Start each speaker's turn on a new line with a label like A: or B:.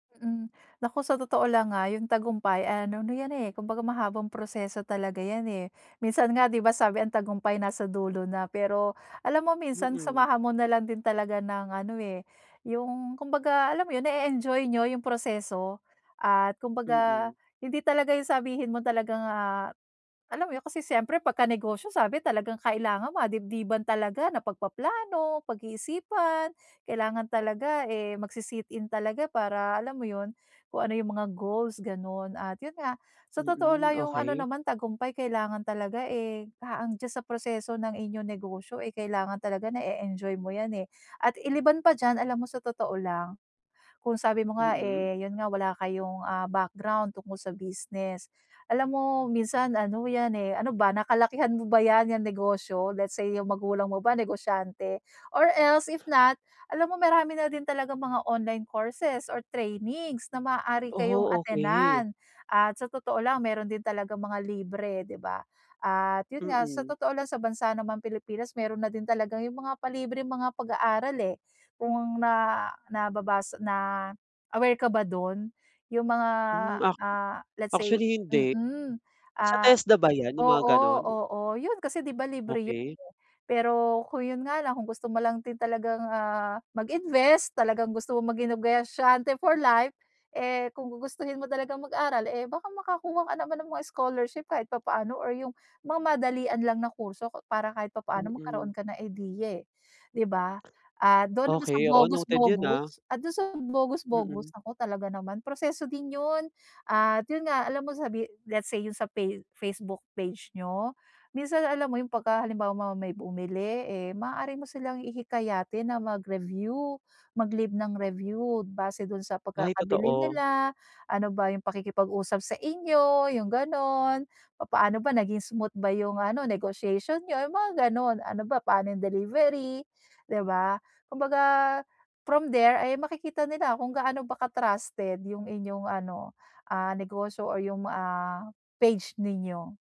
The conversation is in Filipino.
A: Mm, naku sa totoo lang ah, yung tagumpay ay ano yan eh, kumbaga mahabang proseso talaga yan, eh. Minsan nga di ba sabi ang tagumpay nasa dulo na. Pero alam mo minsan
B: Mm.
A: samahan mo nalang din talaga ng ano eh, yung kumbaga alam mo yun nae-enjoy niyo yung proseso. At kumbaga
B: Mm.
A: hindi talaga yung sabihin mo talagang ah, alam mo yun? Kasi siyempre pagka negosyo sabi talagang kailangan madibdiban talaga na pagpaplano, pag-iisipan, kailangan talaga eh, magsi sit-in talaga para alam mo yun, kung ano yung mga goals ganun. At yun nga, sa totoo
B: Mm,
A: lang yung ano
B: okey.
A: naman tagumpay kailangan talaga eh, ah, ang diyan sa proseso ng inyong negosyo eh, kailangan talaga nae-enjoy mo yan eh. At iliban pa diyan alam mo sa totoo lang, kung sabi mo nga
B: Mm.
A: eh, yun nga wala kayong ah, background tungkol sa business. Alam mo minsan ano yan eh, ano ba? Nakalakihan mo ba yan yan negosyo? Let's say yung magulang mo ba negosyante? Or else if not alam mo marami na din talagang mga online courses or trainings na maaari kayong
B: Oo okey.
A: attenan. At sa totoo lang meron din talagang mga libre di ba? At yun nga sa
B: Mm.
A: totoo lang sa bansa ng mga Pilipinas meron na din talagang yung mga palibreng mga pag-aaral eh. Kung na nababasa na aware ka ba dun? Yung mga
B: Hmm ac
A: ah, let's say,
B: actually hindi.
A: mm,
B: Sa
A: ah,
B: TESDA ba yan, yung
A: oo
B: mga ganun?
A: oo yun kasi di ba libre yun.
B: Okey.
A: Pero kung yun nga lang kung gusto mo lang din talagang ah, mag-invest talagang gusto mong maging negosyante for life, eh kung gugustuhin mo talagang mag-aral eh baka makakuha ka naman ng mga scholarship kahit papaano, or yung mga madalian lang na kurso para kahit papaano magkaroon
B: Mm.
A: ka ng ideya eh. Di ba? Ah dun naman sa
B: Okey oo
A: bogus
B: noted yun ah.
A: bogus at dun sa bogus bogus
B: Mm.
A: naku talaga naman, proseso din yun at yun nga alam mo sabi let's say yun sa face Facebook page niyo, minsan alam mo yung pagka halimbawa mo may bumili eh maaari mo silang ihikayatin na mag-review, mag-leave ng review base dun sa
B: Ay
A: pagkakabili
B: totoo.
A: nila, ano ba yung pakikipag-usap sa inyo, yung ganun. Papaano ba naging smooth ba yung ano negotiation niyo, yung mga ganun, ano ba paano yung delivery. Di ba? Kumbaga from there ay makikita nila kung gaano ba ka-trusted yung inyong ano, ah, negosyo o yung ah, page ninyo.